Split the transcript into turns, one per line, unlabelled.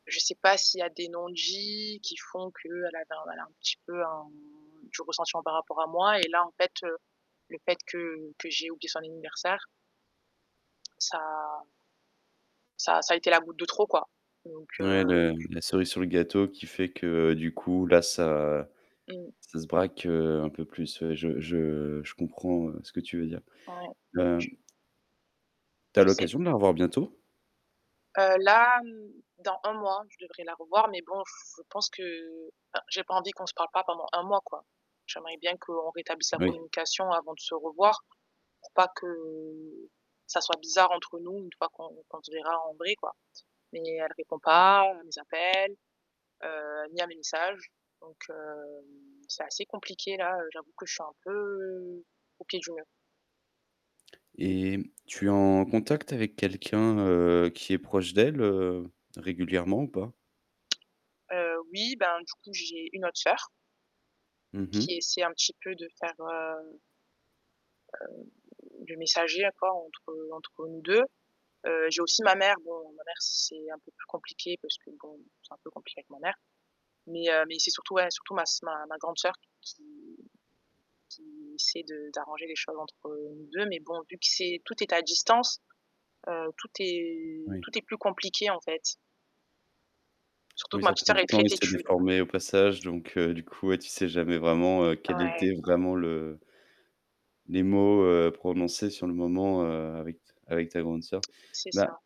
Je sais pas s'il y a des non-dits qui font qu'elle avait elle a un petit peu un du ressentiment par rapport à moi et là en fait, heu, le fait que que j'aie oublié son anniversaire. Ça ça ça a été la goutte de trop, quoi. Donc
Ouais,
heu.
le la cerise sur le gâteau qui fait que du coup, là, ça
Mmh.
ça se braque, heu, un peu plus. Ouais, je je je comprends, heu, ce que tu veux dire.
Ouais
Hem Tu as
Je sais.
l'occasion de la revoir bientôt?
Heu là, dans un mois, je devrais la revoir, mais bon, je pense que enfin j'ai pas envie qu'on se parle pas pendant un mois, quoi. J'aimerais bien qu'on rétablisse la
Oui.
communication avant de se revoir, pour pas que ça soit bizarre entre nous, une fois qu'on qu'on se verra en vrai, quoi. Mais elle répond pas à mes appels, heu, ni à mes messages, donc, heu, c'est assez compliqué là, j'avoue que je suis un peu au pied du mur.
Et tu es en contact avec quelqu'un, heu, qui est proche d'elle, heu, régulièrement, ou pas?
Heu oui, bah, du coup j'ai une autre sœur
Mmh mh.
qui essaie un petit peu de faire heu heu, le messager à quoi entre entre nous 2. Heu, j'ai aussi ma mère, bon ma mère c'est un peu plus compliqué parce que bon, c'est un peu compliqué avec ma mère, mais, heu, mais c'est surtout surtout ma s ma grande sœur qui qui essaie de d'arranger les choses entre nous 2 mais bon, vu que c'est, tout est à distance, heu, tout est
Oui.
tout est plus compliqué en fait. Surtout que
Oui,
ma
ça
petite
prend
sœur
du
est
temps,
très
et c'est
têtue, donc, heu
déformé au passage, donc, heu, du coup, ouais, tu sais jamais vraiment, heu, quel
Ouais.
était vraiment le Les mots, heu, prononcés sur le moment, heu, avec ta avec ta grande sœur.
C'est
Bah
ça.